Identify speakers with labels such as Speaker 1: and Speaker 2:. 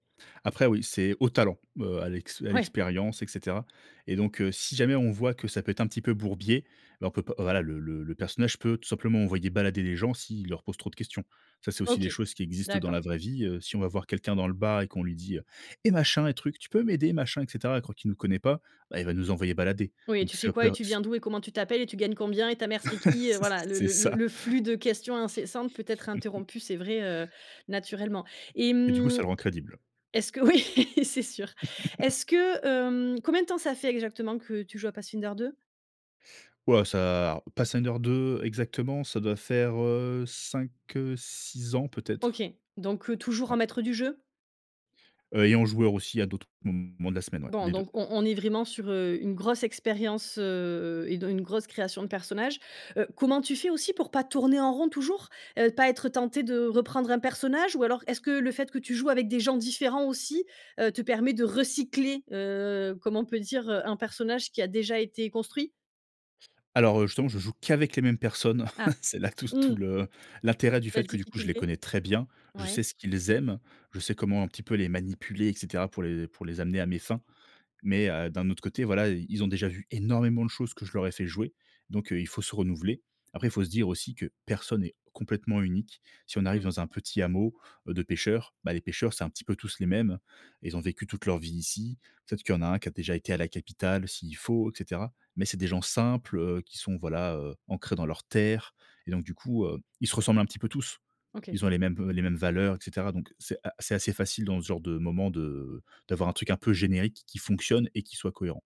Speaker 1: Après oui, c'est au talent, heu, à l'ex à
Speaker 2: Ouais!
Speaker 1: l'expérience et cetera et donc, heu, si jamais on voit que ça peut être un petit peu bourbier, ben on peut pas voilà le le le personnage peut tout simplement envoyer balader les gens s'ils leur posent trop de questions. Ça, c'est aussi des
Speaker 2: OK,
Speaker 1: choses qui existent dans
Speaker 2: d'accord.
Speaker 1: la vraie vie, heu. Si on va voir quelqu'un dans le bar et qu'on lui dit, heu: «Et machin et truc, tu peux m'aider? Machin et cetera», à croire qu'il nous connaît pas, bah, il va nous envoyer balader.
Speaker 2: Oui,
Speaker 1: Donc
Speaker 2: tu fais
Speaker 1: c'est
Speaker 2: quoi? Et
Speaker 1: peu,
Speaker 2: tu viens
Speaker 1: s
Speaker 2: d'où? Et comment tu t'appelles? Et tu gagnes combien? Et ta mère, c'est qui? Heu,
Speaker 1: C'
Speaker 2: voilà, le
Speaker 1: C'est
Speaker 2: le le
Speaker 1: ça.
Speaker 2: le flux de questions incessantes peut être interrompu, c'est vrai, heu, naturellement et
Speaker 1: Et du coup ça
Speaker 2: mmh,
Speaker 1: le rend crédible.
Speaker 2: est-ce que oui, c'est sûr. Est-ce que hem combien de temps ça fait exactement que tu joues à Pathfinder 2?
Speaker 1: Waouh ça Pathfinder 2 exactement, ça doit faire, heu, 5, heu, 6 ans peut
Speaker 2: OK,
Speaker 1: être?
Speaker 2: donc, heu, toujours en
Speaker 1: Ouais.
Speaker 2: maître du jeu?
Speaker 1: Heu, et en joueur aussi à d'autres moments de la semaine, ouais,
Speaker 2: Bon,
Speaker 1: les 2.
Speaker 2: donc on on est vraiment sur, heu, une grosse expérience, heu et de une grosse création de personnages. Heu, comment tu fais aussi pour pas tourner en rond toujours? Heu, pas être tenté de reprendre un personnage? Ou alors, est-ce que le fait que tu joues avec des gens différents aussi. Heu, te permet de recycler, heu, comme on peut dire, heu, un personnage qui a déjà été construit?
Speaker 1: Alors, heu, justement, je joue qu'avec les mêmes personnes.
Speaker 2: Ah!
Speaker 1: C'est là tout s tout
Speaker 2: Mmh.
Speaker 1: le l'intérêt du
Speaker 2: La
Speaker 1: fait que du coup, je les
Speaker 2: difficulté.
Speaker 1: connais très bien. Je sais
Speaker 2: Ouais.
Speaker 1: ce qu'ils aiment. Je sais comment un petit peu les manipuler et cetera pour les pour les amener à mes fins. Mais, heu, d'un autre côté voilà, ils ils ont déjà vu énormément de choses que je leur ai fait jouer. Donc, heu, il faut se renouveler. Après, il faut se dire aussi que personne n'est complètement unique. Si on arrive
Speaker 2: Mmh.
Speaker 1: dans un petit hameau heu, de pêcheurs, bah les pêcheurs, c'est un petit peu tous les mêmes. Ils ont vécu toute leur vie ici. Peut-être qu'il y en a un qui a déjà été à la capitale s'il faut, et cetera. Mais c'est des gens simples, heu, qui sont voilà, heu, ancrés dans leur terre et donc du coup, heu, ils se ressemblent un petit peu tous.
Speaker 2: OK.
Speaker 1: Ils ont les mêmes v les mêmes valeurs, et cetera. Donc c'est a c'est assez facile dans ce genre de moments de d'avoir un truc un peu générique qui fonctionne et qui soit cohérent.